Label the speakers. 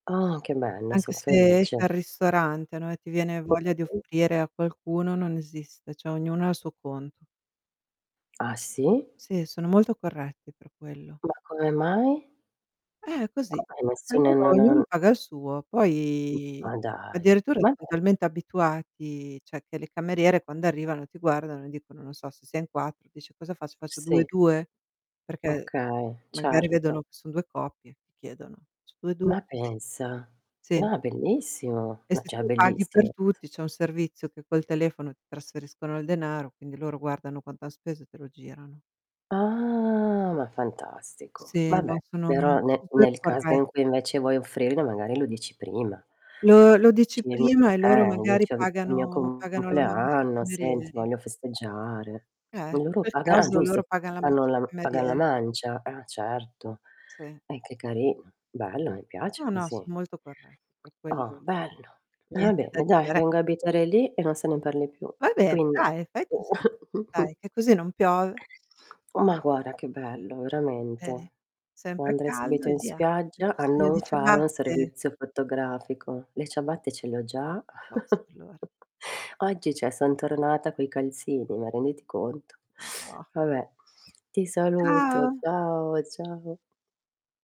Speaker 1: Oh, che bello, son
Speaker 2: Anche se esci
Speaker 1: felice.
Speaker 2: al ristorante, no, e ti viene voglia di
Speaker 1: [unintelligible]
Speaker 2: offrire a qualcuno non esiste, cioè ognuno ha il suo conto.
Speaker 1: Ah, sì?
Speaker 2: Sì, sono molto corretti per quello.
Speaker 1: Ma come mai?
Speaker 2: Eh, così
Speaker 1: Come nessun
Speaker 2: ognuno
Speaker 1: ehm, non
Speaker 2: ognuno
Speaker 1: han
Speaker 2: paga il suo,
Speaker 1: Mh.
Speaker 2: poi
Speaker 1: Ma dai.
Speaker 2: addirittura
Speaker 1: Va
Speaker 2: son
Speaker 1: beh.
Speaker 2: talmente abituati, cioè che le cameriere quando arrivano ti guardano e dicono, non so, se sei in 4, dice: "Cosa faccio? Faccio 2 e
Speaker 1: Sì.
Speaker 2: 2?" Perché
Speaker 1: Okay,
Speaker 2: magari
Speaker 1: certo.
Speaker 2: vedono che son 2 coppie, chiedono: "Faccio 2 e 2?"
Speaker 1: Ma
Speaker 2: Così.
Speaker 1: pensa.
Speaker 2: Sì.
Speaker 1: Ma, bellissimo,
Speaker 2: E
Speaker 1: ma
Speaker 2: se tu
Speaker 1: cioè
Speaker 2: paghi per
Speaker 1: bellissimo
Speaker 2: tutti, c'è un servizio che col telefono ti trasferiscono il denaro, quindi loro guardano quanto han speso e te lo girano.
Speaker 1: Ah, ma fantastico.
Speaker 2: Sì,
Speaker 1: Vabbè,
Speaker 2: no sono, mhmm,
Speaker 1: però ne
Speaker 2: super
Speaker 1: nel caso
Speaker 2: corre
Speaker 1: in cui invece vuoi offrirlo magari lo dici prima.
Speaker 2: bLo lo dici
Speaker 1: Ci mi
Speaker 2: prima e loro
Speaker 1: eh,
Speaker 2: magari
Speaker 1: dicion è mio
Speaker 2: pagano pagano la mancia ai
Speaker 1: compleanno, senti
Speaker 2: camerieri
Speaker 1: voglio festeggiare.
Speaker 2: Eh, in
Speaker 1: Loro
Speaker 2: quel
Speaker 1: paga ah,
Speaker 2: caso loro
Speaker 1: giusto
Speaker 2: pagano la
Speaker 1: fanno
Speaker 2: mancia ai
Speaker 1: la pagan la
Speaker 2: camerieri.
Speaker 1: mancia. Ah, certo.
Speaker 2: Sì.
Speaker 1: Eh, che carino, bello mi piace
Speaker 2: No, no,
Speaker 1: così.
Speaker 2: son molto corretti per
Speaker 1: Oh,
Speaker 2: quello.
Speaker 1: bello. Ah,
Speaker 2: Niente da
Speaker 1: bene dai
Speaker 2: dire.
Speaker 1: vengo a abitare lì e non se ne parli più.
Speaker 2: Vai bene,
Speaker 1: Quindi
Speaker 2: dai, fai così. Dai che così non piove.
Speaker 1: Ma guarda che bello,
Speaker 2: Vedi.
Speaker 1: veramente.
Speaker 2: Sempre
Speaker 1: Andrei
Speaker 2: caldo
Speaker 1: subito
Speaker 2: e
Speaker 1: in
Speaker 2: via. Hai
Speaker 1: spiaggia a
Speaker 2: bisogno di
Speaker 1: non fare un
Speaker 2: ciabatte.
Speaker 1: servizio fotografico. Le ciabatte ce le ho già.
Speaker 2: Basta allora.
Speaker 1: Oggi cioè son tornata coi calzini, ma renditi conto.
Speaker 2: No.
Speaker 1: Vabbè, ti saluto.
Speaker 2: Ciao.
Speaker 1: Ciao, ciao.